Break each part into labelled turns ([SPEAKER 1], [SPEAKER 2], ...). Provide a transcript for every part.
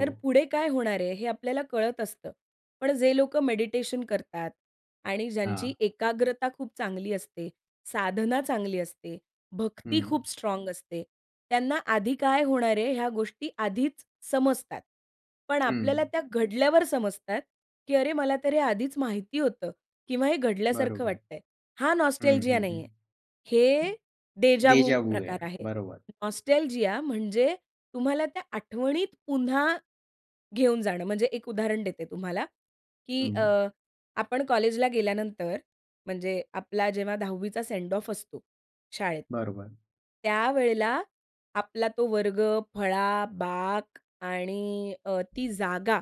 [SPEAKER 1] तर पुढे काय होणार आहे हे आपल्याला कळत असतं. पण जे लोकं मेडिटेशन करतात. आणि ज्यांची
[SPEAKER 2] हां.
[SPEAKER 1] एकाग्रता खूप चांगली असते, साधना चांगली असते, भक्ती
[SPEAKER 2] हं.
[SPEAKER 1] खूप स्ट्राँग असते, त्यांना आधी काय होणार आहे ह्या गोष्टी आधीच समजतात. पण आपल्याला
[SPEAKER 2] हं.
[SPEAKER 1] त्या घडल्यावर समजतात की अरे! मला तर हे आधीच माहिती होतं किंवा हे घडल्यासारखं
[SPEAKER 2] बरोबर.
[SPEAKER 1] वाटतं आहे. हां
[SPEAKER 2] हं,
[SPEAKER 1] नॉस्टॅल्जिया
[SPEAKER 2] हं,
[SPEAKER 1] नाही
[SPEAKER 2] हं.
[SPEAKER 1] आहे. हे देजावू
[SPEAKER 2] देजावू आहे.
[SPEAKER 1] प्रकार आहे.
[SPEAKER 2] बरोबर.
[SPEAKER 1] नॉस्टॅल्जिया म्हणजे तुम्हाला त्या आठवणीत पुन्हा घेऊन जाणं. म्हणजे एक उदाहरण देते तुम्हाला की अ,
[SPEAKER 2] हं.
[SPEAKER 1] आपण कॉलेजला गेल्यानंतर म्हणजे आपला जेव्हा 10वीचा सेंड ऑफ असतो शाळेत.
[SPEAKER 2] बरोबर.
[SPEAKER 1] त्यावेळेला आपला तो वर्ग, फळा, बाक आणि अ, ती जागा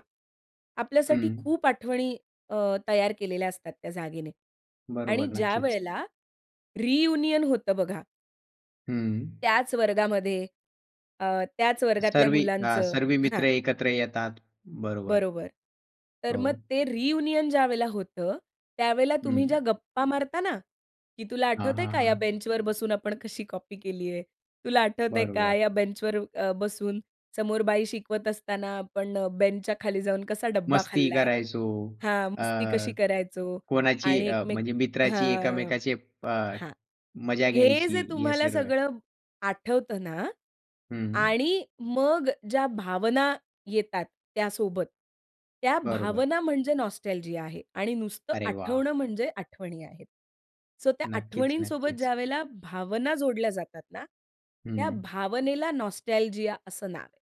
[SPEAKER 1] आपल्यासाठी
[SPEAKER 2] हं.
[SPEAKER 1] खूप आठवणी अ, तयार केलेल्या असतात त्या जागेने. आणि
[SPEAKER 2] बरोबर नक्कीच.
[SPEAKER 1] ज्यावेळेला रियुनियन होतं बघा.
[SPEAKER 2] हं.
[SPEAKER 1] त्याच वर्गामध्ये अ, त्याच वर्गातल्या
[SPEAKER 2] सर्व हां.
[SPEAKER 1] मुलांचं
[SPEAKER 2] सर्व मित्र
[SPEAKER 1] हां.
[SPEAKER 2] एकत्र येतात. बरोबर.
[SPEAKER 1] बरोबर. तर मग
[SPEAKER 2] हो.
[SPEAKER 1] ते रियुनियन ज्यावेळेला होतं, त्यावेळेला तुम्ही ज्या
[SPEAKER 2] हं.
[SPEAKER 1] गप्पा मारता ना, की "तुला
[SPEAKER 2] हां,
[SPEAKER 1] आठवतंय
[SPEAKER 2] हां,
[SPEAKER 1] का या
[SPEAKER 2] हां.
[SPEAKER 1] बेंचवर बसून आपण कशी कॉपी केली आहे. तुला आठवतंय का
[SPEAKER 2] बरोबर.
[SPEAKER 1] या बेंचवर अ, बसून समोर बाई शिकवत असताना आपण बेंचच्या खाली जाऊन कसा डब्बा
[SPEAKER 2] मस्ती
[SPEAKER 1] खाल्ला आहे?"
[SPEAKER 2] करायचो.
[SPEAKER 1] हां.
[SPEAKER 2] अ,
[SPEAKER 1] "मस्ती कशी करायचो.
[SPEAKER 2] कोणाची
[SPEAKER 1] आणि
[SPEAKER 2] अ,
[SPEAKER 1] एकमेक,"
[SPEAKER 2] म्हणजे मित्राची
[SPEAKER 1] हां
[SPEAKER 2] एकमेकाची अ,
[SPEAKER 1] हां.
[SPEAKER 2] मजा
[SPEAKER 1] हे जे
[SPEAKER 2] घ्यायची हे
[SPEAKER 1] तुम्हाला
[SPEAKER 2] सर्व.
[SPEAKER 1] सगळं आठवतं ना,
[SPEAKER 2] हं.
[SPEAKER 1] आणि मग ज्या भावना येतात त्यासोबत. त्या
[SPEAKER 2] बरोबर.
[SPEAKER 1] भावना म्हणजे नॉस्टॅल्जिया आहे. आणि नुसतं
[SPEAKER 2] अरे वाह!
[SPEAKER 1] आठवणं म्हणजे आठवणी आहेत. सो त्या
[SPEAKER 2] नक्कीच,
[SPEAKER 1] आठवणींसोबत
[SPEAKER 2] नक्कीच.
[SPEAKER 1] ज्यावेळेला भावना जोडल्या जातात ना त्या
[SPEAKER 2] हं.
[SPEAKER 1] भावनेला नॉस्टॅल्जिया असं नाव आहे.